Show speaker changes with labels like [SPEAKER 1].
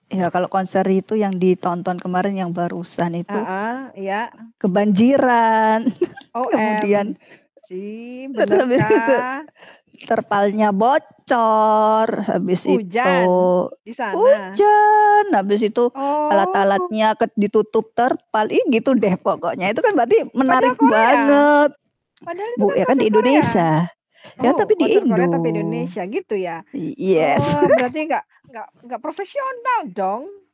[SPEAKER 1] Ya, kalau konser itu yang ditonton kemarin yang barusan itu,
[SPEAKER 2] Heeh, iya, e
[SPEAKER 1] kebanjiran.
[SPEAKER 2] OMG,
[SPEAKER 1] Kemudian terus habis itu
[SPEAKER 2] benerkah?
[SPEAKER 1] terpalnya bocor, habis itu
[SPEAKER 2] Hujan? Di sana?
[SPEAKER 1] hujan, habis itu
[SPEAKER 2] Oh.
[SPEAKER 1] alat-alatnya ked ditutup terpal, ih gitu deh pokoknya, itu kan berarti
[SPEAKER 2] Padahal
[SPEAKER 1] menarik
[SPEAKER 2] Korea,
[SPEAKER 1] banget.
[SPEAKER 2] padahal itu
[SPEAKER 1] Bu
[SPEAKER 2] kan
[SPEAKER 1] ya kan
[SPEAKER 2] konser
[SPEAKER 1] di
[SPEAKER 2] Korea.
[SPEAKER 1] Indonesia, ya
[SPEAKER 2] Oh,
[SPEAKER 1] tapi di
[SPEAKER 2] konser Korea
[SPEAKER 1] Indo.
[SPEAKER 2] tapi Indonesia gitu ya?
[SPEAKER 1] I iyes
[SPEAKER 2] Oh, berarti nggak nggak nggak profesional dong.